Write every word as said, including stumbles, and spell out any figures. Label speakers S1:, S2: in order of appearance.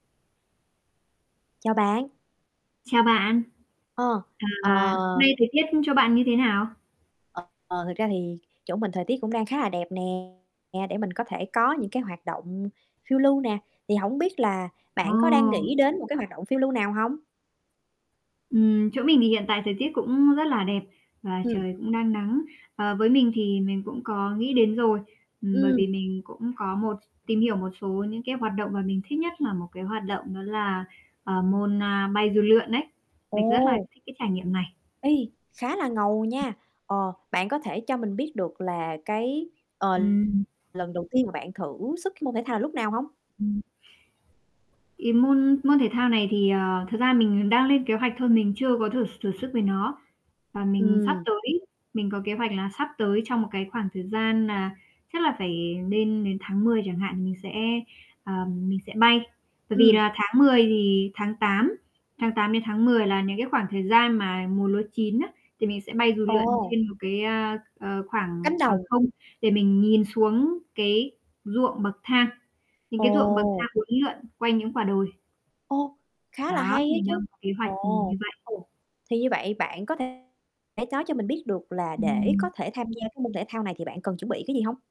S1: Chào bạn.
S2: Chào bạn.
S1: Ờ, ờ.
S2: À, nay thời tiết, ư, chỗ bạn như thế nào?
S1: Ờ, thật ra thì chỗ mình thời tiết cũng đang khá là đẹp nè, để mình có thể có những cái hoạt động phiêu lưu nè. Thì hổng biết là bạn có đang
S2: Ồ!
S1: nghĩ đến một cái hoạt động phiêu lưu nào hông?
S2: Ừm, chỗ mình thì hiện tại thời tiết cũng rất là đẹp và
S1: Ừm.
S2: trời cũng đang nắng. Ờ, với mình thì mình cũng có nghĩ đến rồi, ừm, bởi
S1: Ừm.
S2: vì mình cũng có một tìm hiểu một số những cái hoạt động mà mình thích nhất là một cái hoạt động đó là, ờ, môn, a, bay dù lượn ấy. Mình rất là
S1: Ồ!
S2: thích cái trải nghiệm này.
S1: Ê, khá là ngầu
S2: Ừm.
S1: nha! Ờ, bạn có thể cho mình biết được là, cái, ờ,
S2: Ừm.
S1: lần đầu tiên mà bạn thử sức cái môn thể thao là lúc nào hông?
S2: Ừm. Cái môn môn thể thao này thì, ờ, thực ra mình đang lên kế hoạch thôi, mình chưa có thử s thử sức với nó. Và mình sắp
S1: Ừm.
S2: tới mình có kế hoạch là sắp tới trong một cái khoảng thời gian nà chắc là phải nên đến tháng mười chẳng hạn mình sẽ, à, mình sẽ bay. Bởi vì
S1: Ừm.
S2: là tháng mười thì tháng tám, tháng tám đến tháng mười là những cái khoảng thời gian mà mùa lúa chín á, thì mình sẽ bay dù lượn
S1: Ồ!
S2: trên một cái, a, ờ, khoảng
S1: Cánh
S2: khoảng
S1: đồng.
S2: không để mình nhìn xuống cái ruộng bậc thang. Những cái ruộng bậc thang
S1: Ồ!
S2: uốn lượn quanh những quả đồi.
S1: Ô, khá là
S2: Đó,
S1: hay á
S2: mình
S1: chứ!
S2: đang có kế hoạch, ừm,
S1: Ồ!
S2: như vậy.
S1: Ừm, thì như vậy bạn có thể nói cho mình biết được là để có
S2: Ừm.
S1: thể tham gia cái môn thể thao này thì bạn cần chuẩn bị cái gì hông?